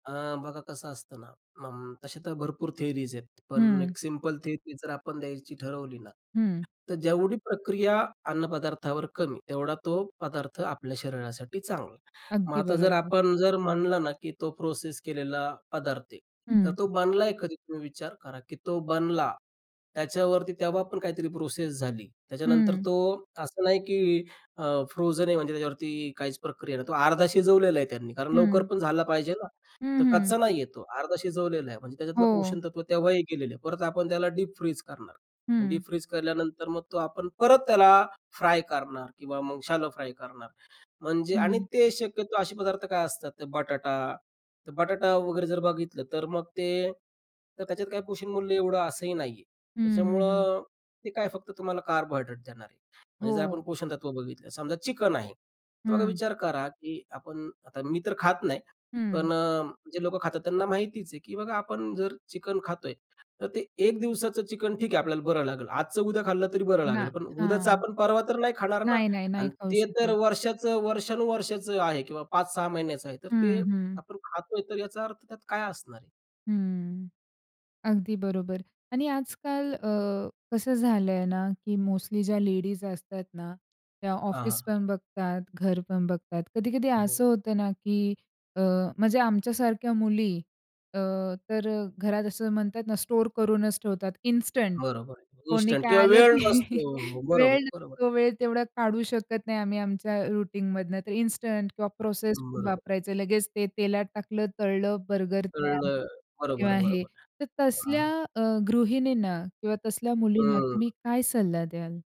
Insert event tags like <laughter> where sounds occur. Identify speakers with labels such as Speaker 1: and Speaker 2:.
Speaker 1: अ, बघा कसं असतं ना, अ, तशा तर भरपूर थियरीज आहेत. पण
Speaker 2: हं.
Speaker 1: एक सिंपल थियरी जर आपण द्यायची ठरवली ना,
Speaker 2: हं.
Speaker 1: तर जेवढी प्रक्रिया अन्नपदार्थावर कमी, तेवढा तो पदार्थ आपल्या शरीरासाठी चांगला आहे. मग
Speaker 2: अगदी
Speaker 1: आता जर
Speaker 2: बरोबर.
Speaker 1: आपण जर म्हणलं ना, की तो प्रोसेस केलेला पदार्थ आहे, तर
Speaker 2: हं.
Speaker 1: तो बनलाय कधी? तो विचार करा, की तो बनला, त्याच्यावरती तेव्हा पण काहीतरी प्रोसेस झाली, त्याच्यानंतर
Speaker 2: हं.
Speaker 1: तो असं नाही, की अ, फ्रोझन आहे म्हणजे त्याच्यावरती काहीच प्रक्रिया नाही, तो अर्धा शिजवलेला आहे त्यांनी, कारण लवकर
Speaker 2: हं.
Speaker 1: पण झाला पाहिजे ना,
Speaker 2: हं,
Speaker 1: तर
Speaker 2: हं.
Speaker 1: कच्चा नाही आहे तो, अर्धा शिजवलेला आहे. म्हणजे त्याच्यातलं
Speaker 2: हो.
Speaker 1: पोषणतत्व तेव्हाही गेलेलं आहे, परत आपण त्याला डीप फ्रीज करणार, मग
Speaker 2: हं.
Speaker 1: डीप फ्रीज केल्यानंतर मग तो आपण परत त्याला फ्राय करणार किंवा मग शॅलो फ्राय करणार, म्हणजे आणि
Speaker 2: हं.
Speaker 1: ते शक्यतो असे पदार्थ काय असतात, ते बटाटा तर बटाटा वगैरे जर बघितलं, तर मग ते तर त्याच्यात काही पोषणमूल्य एवढं असंही नाहीये.
Speaker 2: हं, हं, हं.
Speaker 1: त्याच्यामुळं ते काय फक्त तुम्हाला कार्बोहायड्रेट देणार आहे. म्हणजे जर आपण
Speaker 2: हो.
Speaker 1: पोषणतत्व बघितलं, समजा चिकन आहे, तर मग आता
Speaker 2: हं.
Speaker 1: विचार करा, की आपण आता, मी तर खात नाही,
Speaker 2: हं.
Speaker 1: पण अ, जे लोकं खातात, त्यांना माहितीच आहे, की बघा, आपण जर चिकन खातोय, तर ते 1 दिवसाचं चिकन ठीक आहे, आपल्याला बरं लागेल, आजचं उद्या खाल्लं तरी बरं
Speaker 2: ना
Speaker 1: लागेल. पण उद्याचा
Speaker 2: हां.
Speaker 1: आपण परवा तर नाही खाणार ना.
Speaker 2: नाह नाही, नाही.
Speaker 1: आणि
Speaker 2: खाऊ
Speaker 1: ते तर
Speaker 2: शकत.
Speaker 1: वर्षाचं वर्षानुवर्षाचं आहे किंवा 5-6 महिन्याचं आहे, तर ते
Speaker 2: हं, हं.
Speaker 1: आपण खातोय, तर याचा अर्थ त्यात काय असणार आहे?
Speaker 2: हं, अगदी बरोबर. आणि आजकाल अ, कसं झालंय ना की मोस्टली ज्या लेडीज असतात ना, त्या
Speaker 1: हां, हां.
Speaker 2: ऑफिसपण बघतात, घरपण बघतात. कधी-कधी
Speaker 1: हो.
Speaker 2: असं होतं ना की अ, म्हणजे आमच्यासारख्या मुली अ, तर घरात असं म्हणतात ना, स्टोअर करूनच ठेवतात इन्स्टंट,
Speaker 1: बरोबर,
Speaker 2: कोणी
Speaker 1: इन्स्टंट
Speaker 2: काय
Speaker 1: किंवा
Speaker 2: आलं
Speaker 1: वेळ
Speaker 2: की
Speaker 1: नसतो
Speaker 2: <chuckles> वेळ
Speaker 1: बरोबर, बरोबर.
Speaker 2: नसतो, वेळ तेवढा काढू शकत नाही आम्ही आमच्या रुटीन मधनं, तर इन्स्टंट किंवा प्रोसेस फूड
Speaker 1: बरोबर.
Speaker 2: वापरायचं लगेच ते तेलात टाकलं, तळलं बर्गर तयार.
Speaker 1: कळलं, बरोबर,
Speaker 2: किंवा हे
Speaker 1: बरोबर
Speaker 2: तर
Speaker 1: हां.
Speaker 2: तसल्या अ, गृहिणींना किंवा तसल्या मुलींना तुम्ही
Speaker 1: हं.
Speaker 2: काय सल्ला द्याल?